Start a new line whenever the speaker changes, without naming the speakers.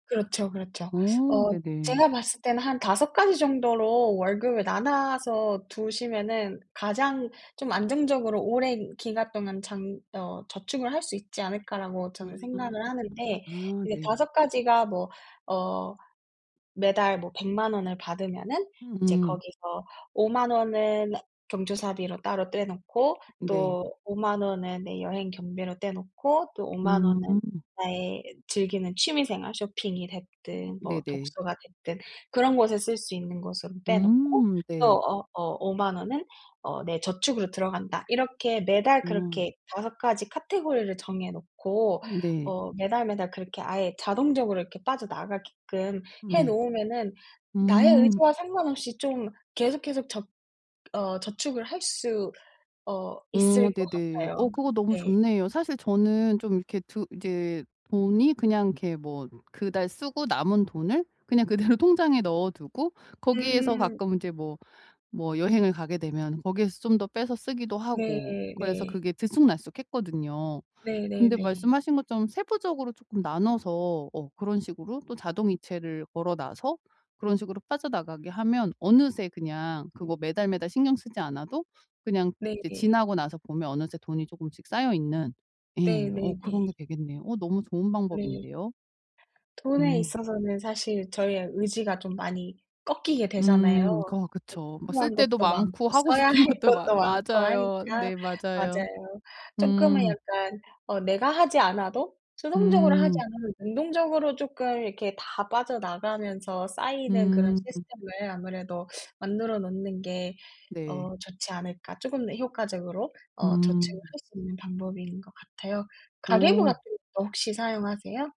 그렇죠, 그렇죠.
어
어
네네.
제가 봤을 때는 '한 5 가지 정도로 월급을 나눠서 두시면은 가장 좀 안정적으로 오랜 기간 동안 장 어 저축을 할 수 있지 않을까?'라고
아.
저는 생각을 하는데
아
이제
네.
5 가지가 뭐 어 매달 뭐 1,000,000 원을 받으면은 이제
음.
거기서 '50,000 원은 경조사비로 따로 떼 놓고
네.
또 50,000 원은 내 여행 경비로 떼 놓고 또 50,000 원은
음.
나의 즐기는 취미 생활 쇼핑이 됐든 뭐
네네.
독서가 됐든 그런 곳에 쓸 수 있는 것으로 떼 놓고
음.
또
네.
어 어 50,000 원은 어 내 저축으로 들어간다.' 이렇게 매달
어.
그렇게 5 가지 카테고리를 정해 놓고
어 네.
어 매달 매달 그렇게 아예 자동적으로 이렇게 빠져나가게끔
음
해
네.
놓으면은 나의
음.
의지와 상관없이 좀 계속, 계속 적 어 저축을 할 수 어 있을
어
거
네네.
같아요.
어 그거 너무
네.
좋네요. 사실 저는 좀 이렇게 드 이제 돈이 그냥 이렇게 뭐 그달 쓰고 남은 돈을 그냥 그대로 통장에 넣어두고 거기에서
음.
가끔 이제 뭐, 뭐 여행을 가게 되면 거기에서 좀 더 빼서 쓰기도
네.
하고 그래서
네.
그게 들쑥날쑥했거든요. 근데
네네네.
말씀하신 것처럼 세부적으로 쪼끔 나눠서 어 그런 식으로 또 자동이체를 걸어놔서 그런 식으로 빠져나가게 하면 어느새 그냥 그거 매달 매달 신경 쓰지 않아도 그냥 이제
네네.
지나고 나서 보면 어느새 돈이 조금씩 쌓여있는 예. 어 그런 게
네네네.
되겠네요. 어 너무 좋은
네.
방법인데요?
돈에
음.
있어서는 사실 저희의 의지가 좀 많이 꺾이게
음.
되잖아요.
거 그쵸. 막 쓸
대출한
데도
것도
많고
많고
하고
써야 할
싶은 것도 많
것도 많고
맞아요.
하니까
네. 맞아요.
맞아요. 쪼끔은
음.
약간 어 '내가 하지 않아도 수동적으로 하지
음.
않으면 능동적으로 쪼끔 이렇게 다 빠져나가면서 쌓이는 그런
음.
시스템을 아무래도 만들어 놓는 게
네.
어 좋지 않을까?' 쪼끔 더 효과적으로 어
음.
저축을 할 수 있는 방법인 거 같아요. 가계부 같은
어.
것도 혹시 사용하세요?